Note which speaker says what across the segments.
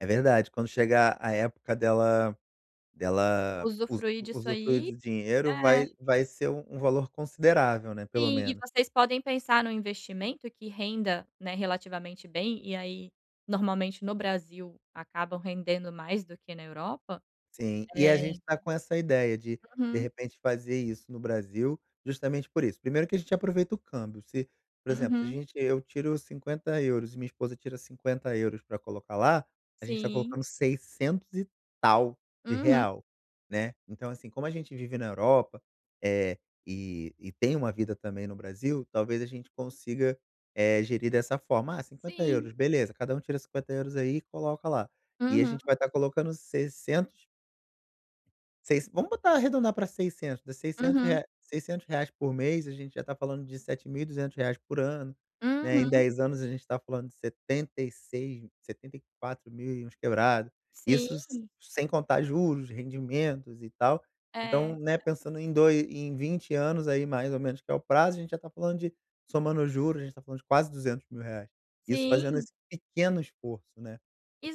Speaker 1: É verdade, quando chegar a época dela dela usu
Speaker 2: Usufruir disso
Speaker 1: usufruir
Speaker 2: aí,
Speaker 1: do dinheiro
Speaker 2: é.
Speaker 1: vai vai ser um valor considerável, né, pelo
Speaker 2: Sim e
Speaker 1: menos.
Speaker 2: vocês podem pensar no investimento que renda, né, relativamente bem e aí normalmente no Brasil acabam rendendo mais do que na Europa,
Speaker 1: Sim, e a
Speaker 2: eh
Speaker 1: gente tá com essa ideia de de
Speaker 2: Uhum.
Speaker 1: repente fazer isso no Brasil justamente por isso, primeiro que a gente aproveita o câmbio, se, por exemplo, se a
Speaker 2: Uhum.
Speaker 1: gente e eu eu tiro 50 euros e minha esposa tira 50 euros pra colocar lá, a gente tá
Speaker 2: Sim.
Speaker 1: colocando seiscentos e tal de
Speaker 2: Uhum.
Speaker 1: real, né. Então, assim, como a gente vive na Europa, eh, e e tem uma vida também no Brasil, talvez, a gente consiga, eh, gerir dessa forma, ah, 50
Speaker 2: Sim.
Speaker 1: euros, beleza, cada um tira 50 euros aí e coloca lá. E a
Speaker 2: Uhum.
Speaker 1: gente vai estar colocando 600 seis vamos botar arredondar para 600, 600
Speaker 2: Uhum.
Speaker 1: rea reais por mês, a gente já tá falando de 7.200 reais por ano, né, em
Speaker 2: Uhum.
Speaker 1: 10 anos a gente está falando de 76, setenta e quatro mil e uns quebrado. Isso, s
Speaker 2: Sim.
Speaker 1: sem contar juros, rendimentos e tal.
Speaker 2: É.
Speaker 1: Então, né, pensando em doi em 20 anos aí mais ou menos que é o prazo, a gente já tá falando de, somando juros, gente tá falando de quase 200.000 reais. Isso fazendo
Speaker 2: Sim.
Speaker 1: esse pequeno esforço, né,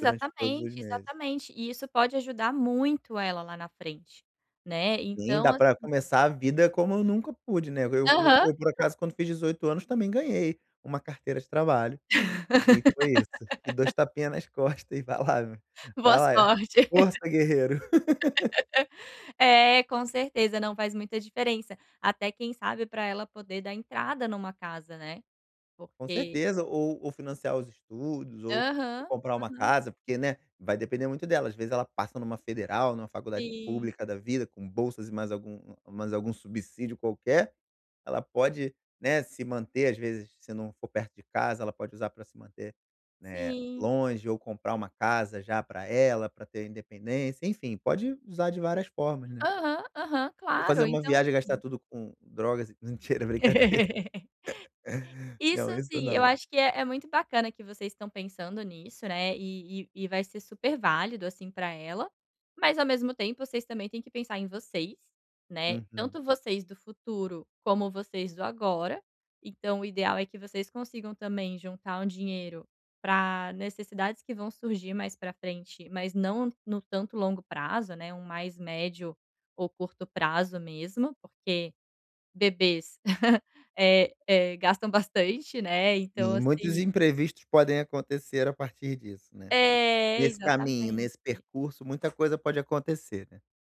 Speaker 1: durante todos os meses.
Speaker 2: exatamente. E isso pode ajudar muito ela lá na frente, né,
Speaker 1: Sim,
Speaker 2: então,
Speaker 1: dá pra
Speaker 2: assim
Speaker 1: começar a vida como eu nunca pude, né, no eu
Speaker 2: Aham.
Speaker 1: eu por acaso quando fiz 18 anos também ganhei uma carteira de trabalho, e foi isso, e dois tapinha nas costas e vai lá vai
Speaker 2: Boa
Speaker 1: lá,
Speaker 2: sorte.
Speaker 1: força guerreiro.
Speaker 2: É, com certeza. Não, faz muita diferença. Até quem sabe pra ela poder dar entrada numa casa, né,
Speaker 1: Com
Speaker 2: porque
Speaker 1: certeza, ou ou financiar os estudos ou ou
Speaker 2: Aham,
Speaker 1: comprar uma
Speaker 2: aham.
Speaker 1: casa porque, né, vai depender muito dela, às vezes, ela passa numa federal, numa faculdade
Speaker 2: Sim.
Speaker 1: pública da vida com bolsas e mais algum mais algum subsídio qualquer, ela pode, né, se manter, às vezes, se não for perto de casa, ela pode usar pra se manter, né,
Speaker 2: Sim.
Speaker 1: longe ou comprar uma casa já pra ela, pra ter independência, enfim, pode usar de várias formas, né.
Speaker 2: Aham, aham.
Speaker 1: Ou
Speaker 2: Claro,
Speaker 1: fazer uma
Speaker 2: então,
Speaker 1: viagem e gastar
Speaker 2: assim
Speaker 1: tudo com drogas e, n mentira é brincadeira.
Speaker 2: Isso
Speaker 1: Não, isso
Speaker 2: sim, eu
Speaker 1: não.
Speaker 2: acho que é é muito bacana que vocês estão pensando nisso, né, e e e vai ser super válido, assim, pra ela, mas ao mesmo tempo vocês também têm que pensar em vocês, né,
Speaker 1: Uhum.
Speaker 2: tanto vocês do futuro, como vocês do agora. Então, o ideal é que vocês consigam também juntar um dinheiro pra necessidades que vão surgir mais pra frente, mas não no tanto longo prazo, né, um mais médio ou curto prazo mesmo, porque bebês, eh eh, gastam bastante, né, então,
Speaker 1: Sim, muitos
Speaker 2: assim
Speaker 1: imprevistos podem acontecer a partir disso, né,
Speaker 2: É,
Speaker 1: nesse caminho, nesse
Speaker 2: exatamente.
Speaker 1: percurso, muita coisa pode acontecer, né.